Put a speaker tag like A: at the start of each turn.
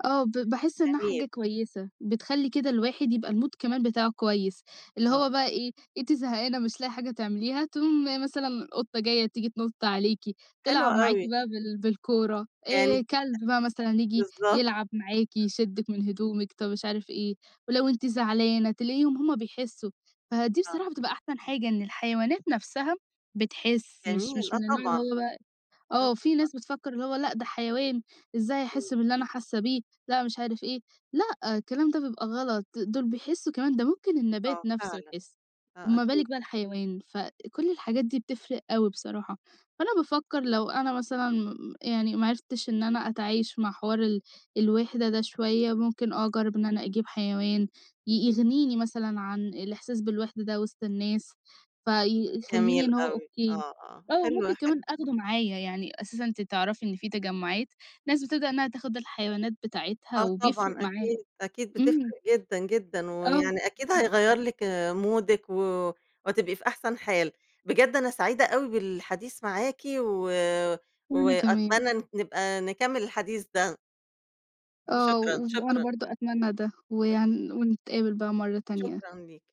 A: آه. ب باحس إنّها حاجة
B: جميل.
A: كويسة، بتخلّي كده الواحد يبقى المود كمان بتاعه كويس. اللي
B: آه.
A: هو بقي إيه، أنتِ زهقانة مش لاقية حاجة تعمليها، تقوم مثلًا القطة جاية تييجي تنُط عليكِ،
B: حلو
A: تلعب معاكِ
B: أوي.
A: بقى بال بالكورة،
B: يعني أ
A: آآ كلب بقى مثلًا ييجي
B: بالضبط.
A: يلعب معاكِ، يشدِّك من هدومِك طب مش عارف إيه، ولو أنتِ زعلانة تلاقيهم هم بيحسّوا. فدي
B: آه.
A: بصراحة بتبقى أحسن حاجة إن الحيوانات نفسها بتحِس مش
B: جميل،
A: مش
B: آه
A: من النوع اللي
B: طبعًا.
A: هو بقى
B: آه
A: آه. في
B: طبعًا.
A: ناس بتفكّر إن هو لأ، ده حيوان إزاي هيحِس
B: إمم.
A: باللي أنا حاسّة بيه، لأ مش عارف إيه. لأ، الكلام ده بيبقى غلط، دول بيحسّوا كمان ده ممكن النبات
B: آه
A: نفسه
B: فعلًا.
A: يحِس،
B: آه
A: ما
B: أكي
A: بالِك بقى الحيوان. فكل الحاجات دي بتفرق أوي بصراحة. فأنا بافكّر لو أنا مثلًا يعني ما عرفتش إن أنا أتعايش مع حوار ال الوِحدة ده شوية ممكن أجرّب إن أنا أجيب حيوان ي يغنيني مثلًا عن الإحساس بالوِحدة ده وِسط الناس، فيخلّيني
B: جميل
A: إن هو
B: أوي.
A: أوكي.
B: آه، آه.
A: آه، ممكن
B: حلو، حل
A: كمان آخدُه معايا. يعني أساسًا أنتِ تعرفي إن في تجعُّات ناس بتبدأ إنّها تاخُد الحيوانات
B: آه
A: بتاعتها بيفرق
B: طبعًا
A: معاها.
B: أكيد. أكيد
A: إمم.
B: بتفرق جدًا، جدًا.
A: آه.
B: ويعني أكيد
A: [unintelligible]
B: هيغيّر لِك مودِك و وهتبقي في أحسن حال. بجد أنا سعيدة أوي بالحديث معاكِ و
A: وأنا كمان.
B: وأتمنى إن نبقى نكمّل الحديث ده.
A: آه.
B: شكرًا،
A: وف أنا
B: شكرًا.
A: برضه أتمنى ده
B: شك
A: ويعني ونتقابل بقى مرّة تانية.
B: شكرًا ليكِ.